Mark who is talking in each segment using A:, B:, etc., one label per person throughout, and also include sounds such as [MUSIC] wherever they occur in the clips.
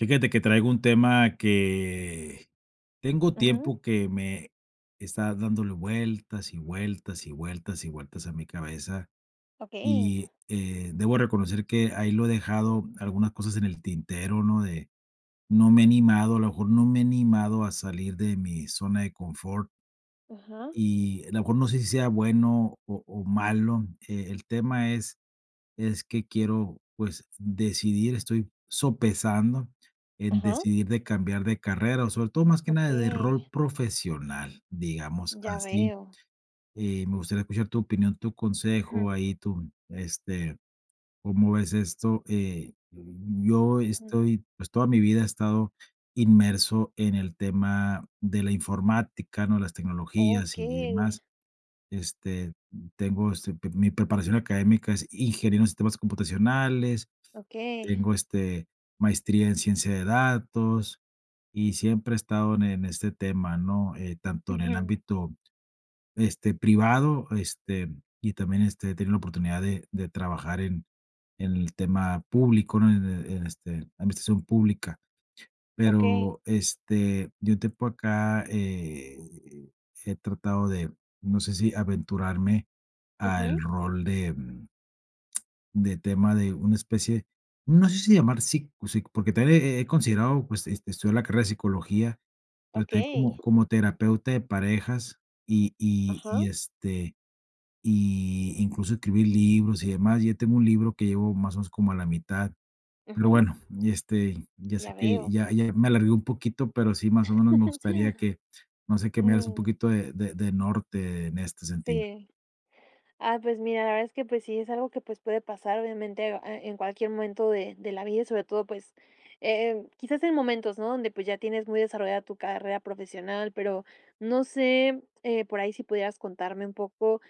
A: Fíjate que traigo un tema, que tengo
B: Ujú.
A: tiempo, que me está dándole vueltas, y vueltas, y vueltas, y vueltas a mi cabeza.
B: Okey.
A: Y eh, debo reconocer, que ahí lo he dejado, algunas cosas en el tintero, ¿no? De, no me he animado. A lo mejor, no me he animado a salir de mi zona de confort.
B: Ajá.
A: Y, a lo mejor, no sé si sea bueno o o malo. E el tema, es es que quiero, pues, decidir. Estoy sopesando, en
B: Ajá.
A: decidir de cambiar de carrera. Sobre todo, más que nada, de
B: Okey.
A: rol profesional, digamos
B: Ya
A: así.
B: veo.
A: Eh, me gustaría escuchar tu opinión, tu consejo.
B: Ujú
A: Ahí tu, este, cómo ves esto. Eh, yo
B: Ujú.
A: estoy, pues, toda mi vida he estado inmerso, en el tema de la informática, ¿no? Las tecnologías, y y
B: Okey.
A: demás. Este, m tengo, este, pi mi preparación académica, es Ingeniero en Sistemas Computacionales.
B: Okey.
A: Tengo, este, maestría en Ciencia de Datos, y siempre he estado en en este tema, ¿no? Eh, tanto en el
B: Ujú.
A: ámbito, este, privado, este, y también, este, he tenido la oportunidad de de trabajar, en en el tema público, ¿no? En en este, en la administración pública.
B: Okey.
A: Pero, este, de un tiempo a acá, he he tratado de, no sé, si aventurarme al
B: Ujú.
A: rol de m [CLICKS TONGUE] de tema de una especie, no sé si llamar sico o psico. Porque también, he he he considerado, pues, este, estudiar la carrera de Psicología, pero también,
B: Okey.
A: como como terapeuta de parejas. Y y y
B: Ajá.
A: este, y incluso, escribir libros, y demás. Ya tengo un libro, que llevo más o menos, como a la mitad. Pero
B: Ujú.
A: bueno, y este, ya sé,
B: Ya
A: que
B: veo.
A: ya ya me alargué un poquito. Pero sí, más o menos me gustaría
B: [LAUGHS]
A: que no sé, que me hagas un
B: Mm.
A: poquito de de de norte, en este sentido.
B: Sí. Ah, pues mira, la verdad, es que pues, sí es algo que pues, puede pasar obviamente, eh, a en cualquier momento de de la vida. Y sobre todo, pues, eh, em quizás en momentos ¿no? Donde pues, ya tienes muy desarrollada tu carrera profesional. Pero, no sé, eh, por ahí si pudieras contarme un poco,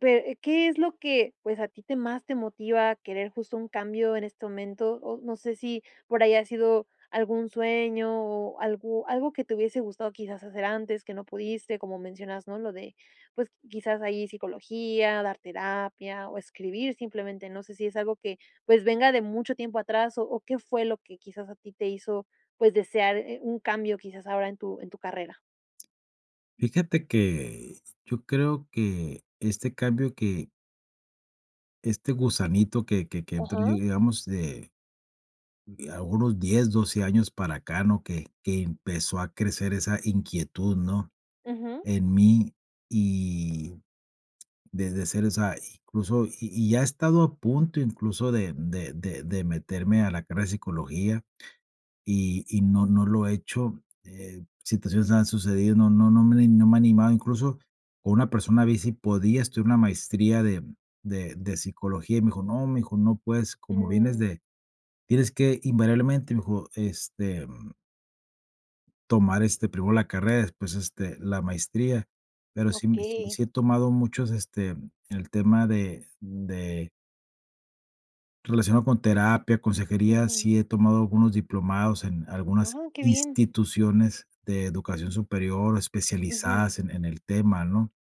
B: pe, ¿qué es lo que pues a ti te más te motiva, a querer justo, un cambio en este momento? O no sé, si por ahí ha sido algún sueño, o algo algo que te hubiese gustado, quizás, hacer antes, que no pudiste, como mencionas ¿no? Lo de, pues, quizás, ahí psicología, dar terapia, o escribir simplemente. No sé, si es algo que, pues, venga de mucho tiempo atrás, o o qué fue lo que quizás, a ti te hizo pues desear, eh, un cambio quizás, ahora en tu en tu carrera.
A: Fíjate que, yo creo que, este cambio, que este gusanito, que que que entró,
B: Ajá.
A: digamos, de, a unos 10, 12 años para acá, ¿no? Que que empezó a crecer esa inquietud, ¿no?,
B: Ujú.
A: en mí. Y, desde ser esa Incluso, y y ya he estado a punto, incluso, de de de de meterme a la carrera de psicología, y y no no lo he hecho. Eh, situaciones han sucedido, no no no me no me ha animado. Incluso, con una persona vi, si podía estudiar una maestría de de de Psicología, y me dijo: "No, mi hijo, no puedes. Como vienes
B: Mm.
A: de Tienes que invariablemente", me dijo: "Este tomar, este, primero la carrera, después, este, la maestría". Pero sí,
B: Okey.
A: sí he tomado muchos, este, el tema de de relacionado con terapia, consejería.
B: Ujú.
A: Sí he tomado algunos diplomados, en algunas
B: Ah, qué bien.
A: instituciones de educación superior,
B: Ujú.
A: especializadas en en el tema, ¿no?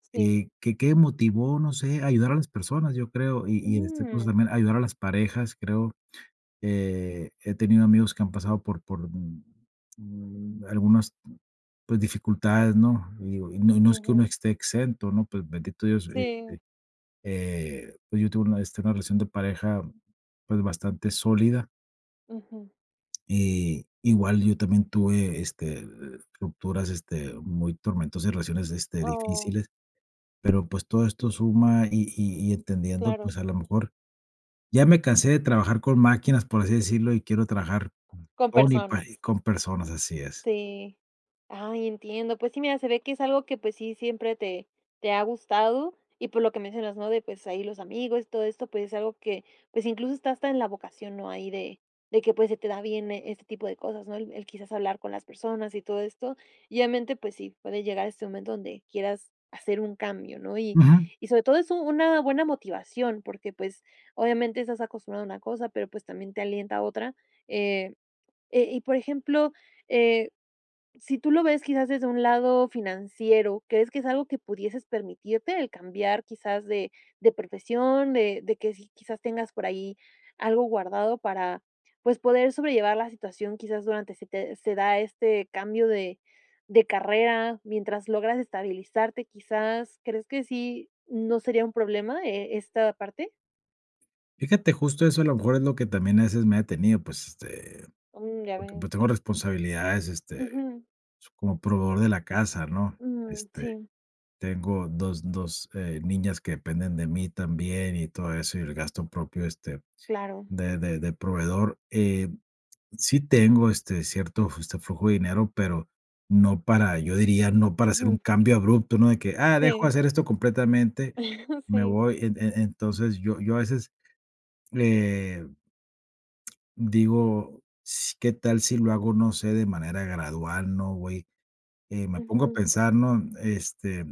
B: Sí.
A: Y, que, ¿qué motivo? No sé. A ayudar a las personas, yo creo. Y y este curso,
B: Mm.
A: también ayudar a las parejas, creo. Eh, he tenido amigos que han pasado por por, mm mm, algunas, pues dificultades, ¿no? Y digo y no no es que uno
B: Ujú.
A: esté exento, ¿no? Pero, bendito Dios, e e
B: Sí.
A: eh, pues yo tuve una de esta una relación de pareja, pues, bastante sólida.
B: Ujú.
A: Eh, igual yo también tuve, este, estructuras, este, muy tormentosas, relaciones, este,
B: Oh.
A: difíciles, pero, pues, todo esto suma y y y entendiendo,
B: Claro.
A: pues, a lo mejor ya me cansé de trabajar con máquinas, por así decirlo, y quiero trabajar
B: Con
A: con y pari
B: personas.
A: con personas, así es.
B: Sí, ah entiendo, pues, sí, mira, se ve que es algo que, pues, sí siempre te te ha gustado y por lo que mencionas ¿no? de, pues, ahí los amigos y todo esto, pues, es algo que, pues, incluso está hasta en la vocación, ¿no? ahí de de que, pues, se te da bien este tipo de cosas ¿no? el el quizás hablar con las personas y todo esto y obviamente, pues, sí puede llegar a este momento donde quieras hacer un cambio ¿no? y
A: Ujú.
B: y sobre todo es una una buena motivación porque, pues, obviamente estás acostumbrado a una cosa pero, pues, también te alienta a otra, eh eh, y por ejemplo, eh, si tú lo ves quizás desde un lado financiero, crees que es algo que pudieses permitirte el cambiar quizás de de profesión de de que sí quizás tengas por ahí algo guardado para, pues, poder sobrellevar la situación quizás durante se te se da este cambio de de carrera mientras logras estabilizarte quizás ¿crees que sí no sería un problema, eh, esta parte?
A: Fíjate justo eso a lo mejor es lo que también a veces me ha detenido, pues este,
B: Mm, ya
A: porque pues
B: veo.
A: tengo responsabilidades este
B: Ujú.
A: s como proveedor de la casa, ¿no?
B: Mm,
A: Este,
B: sí.
A: tengo 2 2 eh, niñas que dependen de mí también y todo eso y el gasto propio, este,
B: Claro.
A: de de de proveedor. Eh, sí tengo, este, cierto, este, justo, flujo de dinero, pero no para yo diría, no para hacer un
B: Ujú.
A: cambio abrupto, ¿no? De que: "Ah, dejo
B: Sí.
A: hacer esto completamente
B: [CHUCKLES]
A: y me
B: Sí.
A: voy". En e entonces, yo yo a veces eh digo, s qué tal si lo hago no sé, de manera gradual, ¿no? Güey, eh, me pongo a
B: Ujú.
A: pensar, ¿no? Este,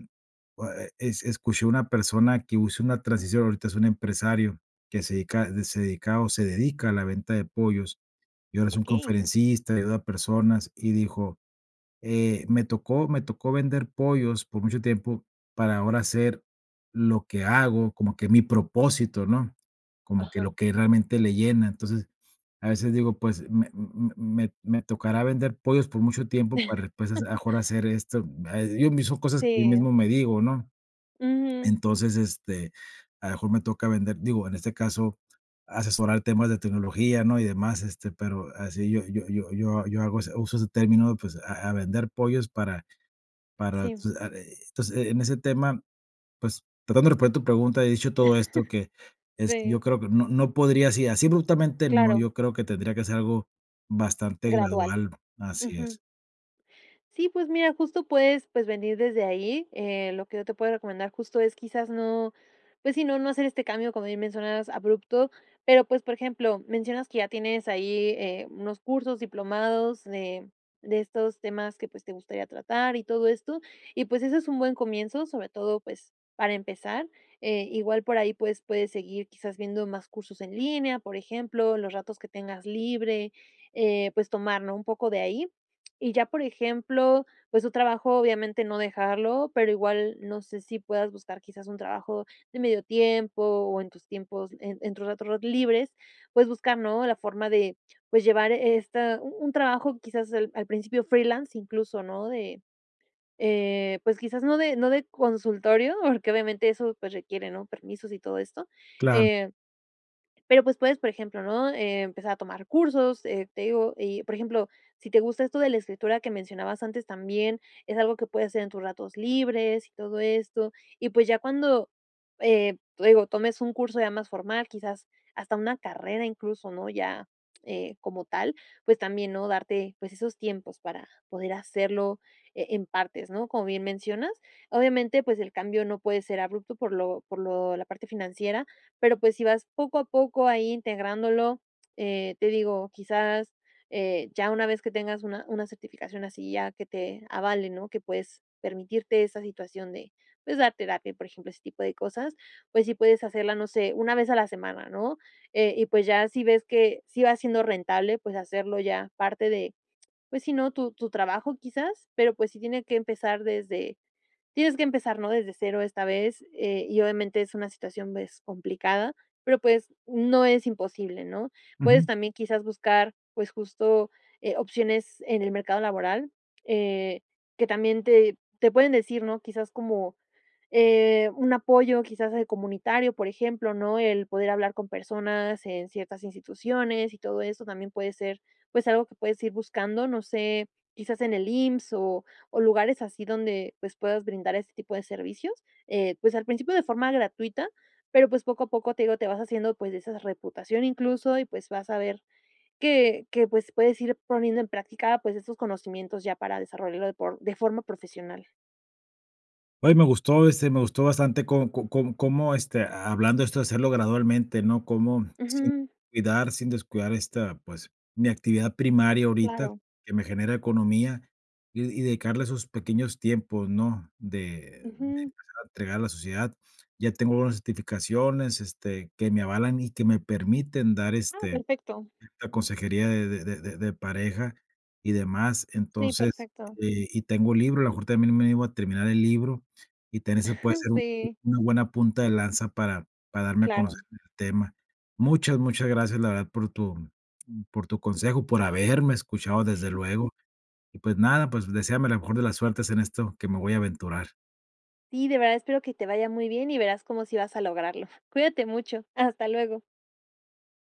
A: oh, ah, e es escuché una persona que usó una transición, ahorita es un empresario que se dedica se dedica o se dedica a la venta de pollos. Y ahora es un
B: Okey.
A: conferencista, ayuda a personas y dijo: "Eh, me tocó me tocó vender pollos por mucho tiempo para ahora hacer lo que hago, como que mi propósito, ¿no?". Como que
B: Ajá.
A: lo que realmente le llena. Entonces, a veces digo: "Pues, me m m me me tocará vender pollos por mucho tiempo para después, a lo
B: [CHUCKLES]
A: mejor hacer esto". Ah, yo mismo cosas que yo
B: Sí.
A: mismo me digo, ¿no?
B: Ujú.
A: Entonces, este, a lo mejor me toca vender, digo, en este caso, asesorar temas de tecnología, ¿no? Y demás, este, pero así yo yo yo yo hago ese uso ese término, pues, a a vender pollos para para,
B: Sí.
A: pues, ah, eh, entonces eh, en ese tema, pues, tratando de responder tu pregunta, he dicho todo esto que
B: [CHUCKLES]
A: es, yo
B: Sí.
A: creo que no no podría así así abruptamente no,
B: Claro.
A: yo creo que tendría que ser algo bastante
B: Gradual.
A: gradual, así es.
B: Ujú. Sí, pues mira, justo puedes, pues, venir desde ahí. Eh, lo que yo te puedo recomendar justo es quizás no, pues sí, no no hacer este cambio, como bien mencionas, abrupto. Pero pues, por ejemplo, mencionas que ya tienes ahí, eh, unos cursos diplomados de de estos temas que pues, te gustaría tratar y todo esto y pues ese es un buen comienzo sobre todo, pues, para empezar, eh, igual por ahí pues puedes seguir quizás viendo más cursos en línea, por ejemplo, los ratos que tengas libre, eh, pues tomar ¿no? Un poco de ahí y ya, por ejemplo, pues, tu trabajo obviamente no dejarlo, pero igual no sé si puedas buscar quizás un trabajo de medio tiempo o en tus tiempos en en tus ratos ratos libres, puedes buscar ¿no? La forma de, pues, llevar esta u un trabajo quizás al al principio freelance incluso ¿no? De, eh, pues, quizás no de no de consultorio, porque obviamente eso pues requiere ¿no? Permisos y todo esto,
A: Claro.
B: eh. Pero, pues, puedes por ejemplo ¿no? Empezar a tomar cursos, eh, te digo y por ejemplo si te gusta esto de la escritura que mencionabas antes también es algo que puedes hacer en tus ratos libres y todo esto y pues, ya cuando, eh, te digo tomes un curso ya más formal quizás hasta una carrera incluso ¿no? Ya, eh, como tal, pues también ¿no? Darte, pues esos tiempos para poder hacerlo, eh, en partes ¿no? Como bien mencionas. Obviamente pues, el cambio no puede ser abrupto por lo por lo la parte financiera pero pues si vas poco a poco ahí integrándolo, eh, te digo, quizás, eh, ya una vez que tengas una una certificación así ya que te avale, ¿no? Que pues, permitirte esa situación de pues dar terapia, por ejemplo, ese tipo de cosas, pues si puedes hacerla, no sé, una vez a la semana ¿no? Eh, y pues, ya si ves que sí va siendo rentable, pues hacerlo ya parte de, pues si ¿no? Tu tu trabajo quizás, pero pues sí tiene que empezar desde, tienes que empezar ¿no? Desde 0 esta vez, eh, y obviamente es una situación, pues complicada, pero pues no es imposible, ¿no? Puedes
A: Ujú.
B: también quizás buscar, pues justo, eh, opciones en el mercado laboral, eh, que también te, te pueden decir ¿no? Quizás como, eh, un apoyo quizás de comunitario, por ejemplo, ¿no? El poder hablar con personas en ciertas instituciones y todo eso también puede ser, pues, algo que puedes ir buscando, no sé, quizás en el IMSS, o o lugares así donde pues puedas brindar este tipo de servicios, eh, pues, al principio de forma gratuita, pero pues poco a poco te digo te vas haciendo pues de esa reputación incluso y pues vas a ver que que pues, puedes ir poniendo en práctica pues esos conocimientos ya para desarrollarlo de por de forma profesional.
A: Oye me gustó, este, me gustó bastante co co com cómo, este, hablando esto de hacerlo gradualmente, ¿no? Cómo sin
B: Ujú.
A: cuidar sin descuidar esta, pues, mi actividad primaria ahorita
B: Claro.
A: que me genera economía y y dedicarle a esos pequeños tiempos, ¿no? De de
B: Ujú.
A: empezar a entregar a la sociedad. Ya tengo unas certificaciones, este, que me avalan y que me permiten dar,
B: Ah,
A: este,
B: perfecto.
A: la consejería de de de de pareja y demás.
B: Sí,
A: Entonces,
B: perfecto.
A: eh, y tengo libro, a lo mejor también me animo a terminar el libro, y también se puede
B: [CHUCKLES]
A: hacer un
B: Sí.
A: una buena punta de lanza para, para darme a conocer
B: Claro.
A: este tema. Muchas, muchas gracias, la verdad, por tu por tu consejo, por haberme escuchado desde
B: [CHUCKLES]
A: luego. Y pues nada, pues, deséame la mejor de las suertes en esto que me voy a aventurar.
B: Sí, de verdad espero que te vaya muy bien y verás como sí vas a lograrlo. Cuídate mucho. Hasta luego.